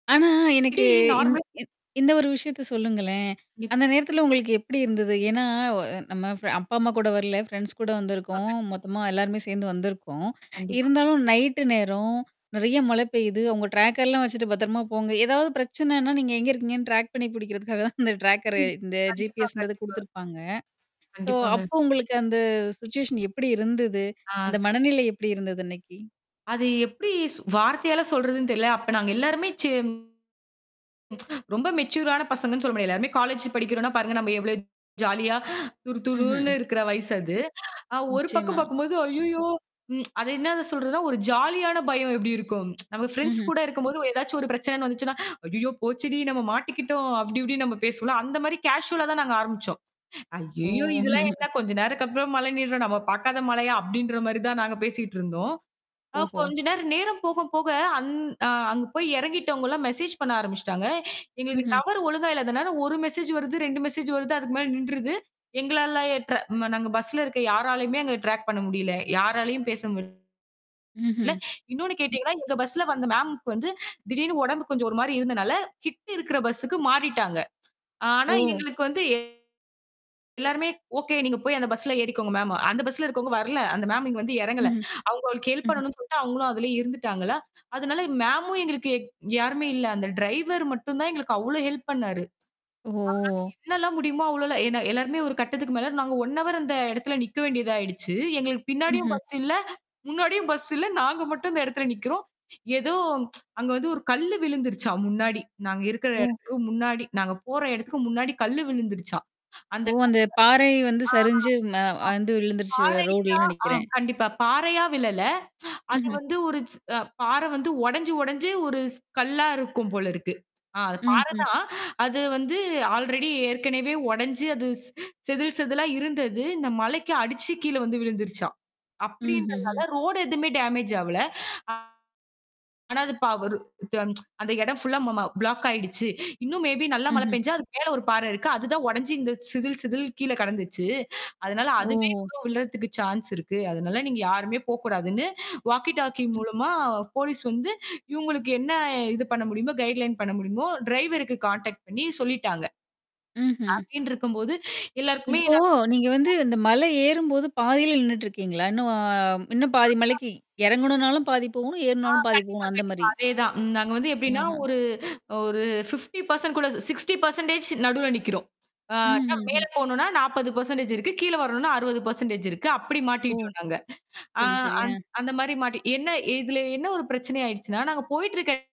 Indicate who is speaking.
Speaker 1: ஆனா, எனக்கு
Speaker 2: [unintelligible]
Speaker 1: இந்த
Speaker 2: நார்மல்
Speaker 1: இந்த ஒரு விஷயத்தச் சொல்லுங்களேன்!
Speaker 2: கண்டிப்பா.
Speaker 1: அந்த நேரத்துல உங்களுக்கு எப்பிடி இருந்தது? ஏன்னா, ஒ அ நம்ம ஃபிர அப்பா அம்மா கூட வரல. ஃபிரண்ட்ஸ்கூட
Speaker 2: கண்டிப்பா.
Speaker 1: வந்துருக்கோம்.
Speaker 2: கண்டிப்
Speaker 1: மொத்தமா எல்லாருமே சேர்ந்து வந்திருக்கோம்.
Speaker 2: கண்டிப்பா.
Speaker 1: இருந்தாலும் நைட் நேரம் நிறைய மழை பெய்யுது. அவங்க டிராக் எல்லாம் வச்சிட்டு பத்திரமா போங்க. ஏதாவது பிரச்சனன்னா, நீங்க எங்க இருக்கீங்க? டிராக் பண்ணி பிடிக்கறதுக்காகதான் அந்த டிராக்கர் இந்த
Speaker 2: கண்டிப்பா.
Speaker 1: G-P-S ன்றது
Speaker 2: கண்டிப்பா.
Speaker 1: கொடுத்திருப்பாங்க. ஸோ,
Speaker 2: கண்டிப்பாங்க.
Speaker 1: அப்போ உங்களுக்கு அந்த சுவிட்சுவேஷன் எப்பிடி இருந்தது?
Speaker 2: ஆ
Speaker 1: அந்த
Speaker 2: கண்டிப்
Speaker 1: மனநிலை எப்பிடி இருந்தது? இன்னக்கி?
Speaker 2: அது எப்பிடி வார்த்தையால சொல்றதுன்னு தெரில. அப்ப நாங்க எல்லாருமே, செம் ரொம்ப மெச்சூரான பசங்கன்னு சொல்லமுடியாது. எல்லாருமே காலேஜ் படிக்கிறோன்னா பாருங்க! நம்ம எவ்வளவு ஜாலியா
Speaker 1: ம்,
Speaker 2: துருகுருன்னு
Speaker 1: ம்.
Speaker 2: இருக்குற வயசு அது. அ ஒரு பக்கம்
Speaker 1: நிச்சயமா.
Speaker 2: பார்க்கும்போது ஐயய்யோ! ம் அது என்ன சொல்றதுன்னா ஒரு ஜாலியான பயம் எப்பிடி இருக்கும் நம்ம
Speaker 1: ம், ம்.
Speaker 2: ப்ரெண்ட்ஸ்கூட இருக்கும்போது ஏதாச்சு ஒரு பிரச்சனன்னு வந்துச்சுன்னா, "ஐயோ போச்சுடி! நம்ம மாட்டிக்கிட்டோம்" அப்பிடி இப்பிடின்னு நம்ம பேசுவோம்ல. அந்தமாரி கேஷூவலா தான் நாங்க ஆரம்பிச்சோம். ஐயய்யோ!
Speaker 1: ஓ!
Speaker 2: இது எல்லாம் என்ன? கொஞ்ச நேரம் [unintelligible] மழை நின்றும். நாம பாக்காத மழையா? அப்பிடின்றமாரி தான் நாங்க பேசிட்டு இருந்தோம். அ
Speaker 1: ஓஹோ!
Speaker 2: கொஞ்ச நேரம் நேரம் போக, போக அங் அ அங்க போய் இறங்கிட்டவுங்கள்லாம் மெஜேஸ் பண்ண ஆரம்பிச்சிட்டாங்க. எங்களுக்கு
Speaker 1: ம்ஹ்ம்.
Speaker 2: டவரு ஒழுங்கா இல்லாத ஒரு மெஜேஸ் வருது. 2 மெஜேஸ் வருது. அதுக்கு மேல நின்றுது. எங்களால 8:30 ம் நாங்க பஸ்ல இருக்க யாராலயும் அங்க ட்ராக் பண்ண முடியல. யாராலயும் பேச முடியல.
Speaker 1: ம்ஹ்ம்.
Speaker 2: இன்னொன்னு கேட்டீங்கன்னா எங்க பஸ்ல வந்த மேம் வந்து திடீர்னு உடம்பு கொஞ்சம் ஒருமாரி இருந்தனால. கிட்ட இருக்கிற பஸ்க்கு மாறிட்டாங்க. ஆனா,
Speaker 1: ஓ!
Speaker 2: எங்களுக்கு வந்து எல்லாருமே ஓகே. நீங்கப் போயி அந்த பஸ்ல ஏறிக்கோங்க மேம். அந்த பஸ்ல இருக்கவங்க வரல. அந்தமேம் இங்க வந்து இறங்கல.
Speaker 1: ம்ஹ்ம்,
Speaker 2: அவுங்களுக்கு ஹெல்ப்
Speaker 1: ம்ஹ்ம்.
Speaker 2: பண்ணனுன்னு சொல்ட்டு அவுங்களும் அதுலே இருந்துட்டாங்களா! அதனால மேம்மு எங்களுக்கு யாருமே இல்ல. அந்த டிரைவர் மட்டும் தான் எங்களுக்கு அவ்ளோ ஹெல்ப் பண்ணாரு.
Speaker 1: ஓ!
Speaker 2: [unintelligible] அவரால எவலெள்லாம் முடியுமோ! அவ்ளோ எல்லாம் ஏனா எல்லாருமே ஒரு கட்டத்துக்கு மேல நாங்க ஒன் ஹவர் அந்த இடத்துல நிக்க வேண்டியதாயிடுச்சு. எங்களுக்குப் பின்னாடியும்
Speaker 1: ம்ஹ்ம்.
Speaker 2: பஸ் இல்ல, முன்னாடியும் பஸ் இல்ல. நாங்க மட்டும் அந்த இடத்துல நிக்கிறோம். ஏதோ அங்க வந்து ஒரு கல்லு விழுந்துருச்சாம் முன்னாடி. நாங்க இருக்கிற
Speaker 1: ஓ!
Speaker 2: இடத்துக்கு முன்னாடி நாங்க போற இடத்துக்கு முன்னாடி கல்லு விழுந்துருச்சாம்! அந்த
Speaker 1: ஓ.
Speaker 2: [unintelligible] ஆ
Speaker 1: அந்தப் பாறை வந்து சரிஞ்சு ம அந்து
Speaker 2: [unintelligible]
Speaker 1: விழுந்துருச்சு. ரோடுலன்னு
Speaker 2: பாறைதான்
Speaker 1: நினைக்கிறேன்.
Speaker 2: ஆம் கண்டிப்பா, பாறையா விழல அது
Speaker 1: ம்ஹ்ம்.
Speaker 2: வந்து ச் ஒரு பாற வந்து உடஞ்சு, உடஞ்சு ஒரு கல்லா ச் இருக்கும் போல இருக்கு. ஆ அது
Speaker 1: ம்
Speaker 2: பாறை
Speaker 1: ஹ்ம்.
Speaker 2: தான் அது வந்து ஆல்ரெடி ஏற்கனவே உடைஞ்சு அது ச் செதில் செதிலா இருந்தது. அந்த மலைக்கு அடிச்சி கீழ விழுந்துருச்சாம்!
Speaker 1: ம்ஹ்ம்,
Speaker 2: அப்பிடின்றனால
Speaker 1: ம்.
Speaker 2: ரோடு எதுவுமே டேமேஜ் ஆவல ஆ. ஆனா அது ப ஒரு, [unintelligible] அந்த இடம் ஃபுல்லா பிளாக் ஆயிடுச்சு. இன்னும் மே பி நல்லா மழை
Speaker 1: ம்ஹ்ம்.
Speaker 2: பேஞ்சா, அது மேல ஒரு பாற இருக்கு. அது தான் உடஞ்சி இந்தச் சிதில், சிதில் கீழ கிடந்துச்சு. அதனால, அதுவே
Speaker 1: ஓஹோ!
Speaker 2: விழறதுக்கு சான்ஸ் இருக்கு. அதனால நீங்க யாருமே போகக் கூடாதுன்னு வாக்கி டாக்கி மூலமா போலீஸ் வந்து இவுங்களுக்கு என்ன இது பண்ண முடியுமோ! கைடுலைன் பண்ண முடியுமோ டிரைவருக்கு கான்டெக்ட் பண்ணி சொல்லிட்டாங்க.
Speaker 1: ம்ஹ்ம்.
Speaker 2: அப்பிடின்டு இருக்கும்போது எல்லாருக்குமே,
Speaker 1: இப்போ
Speaker 2: நா
Speaker 1: நீங்க வந்து
Speaker 2: [unintelligible]
Speaker 1: இந்த மலை ஏறும் போதுப் பாதியில நின்னுட்டு இருக்கீங்களா? இன்னும் பாதி மலைக்கு
Speaker 2: [unintelligible]
Speaker 1: இறங்குனாலும் பாதி போகணும்.
Speaker 2: ஆ,
Speaker 1: ஏறுனாலும் பாதி
Speaker 2: கண்டிப்பா.
Speaker 1: போகணும்.
Speaker 2: கண்டிப்பா.
Speaker 1: அந்தமாரி.
Speaker 2: அதே தான். ம் நாங்க வந்து எப்பிடின்னா
Speaker 1: ஆஹா!
Speaker 2: ஒரு, அ ஒரு 50% கூட 60% நடுவுல நிக்கிறோம். ஆ
Speaker 1: ம்ஹ்ம்,
Speaker 2: [unintelligible]
Speaker 1: ம்.
Speaker 2: மேல போணுன்னா 40% இருக்கு. கீழ வரணுன்னா 60% இருக்கு. அப்பிடி
Speaker 1: ஓ!
Speaker 2: மாட்டிக்கிட்டு இருக்காங்க. ஆ
Speaker 1: சரி, சரி.
Speaker 2: அந்
Speaker 1: ஆ.
Speaker 2: அந்தமாரி மாட்டி என்ன ஏ இதுல என்ன ஒரு பிரச்சனை ஆயிடுச்சுன்னா, நாங்க. போயிட்டு இருக்க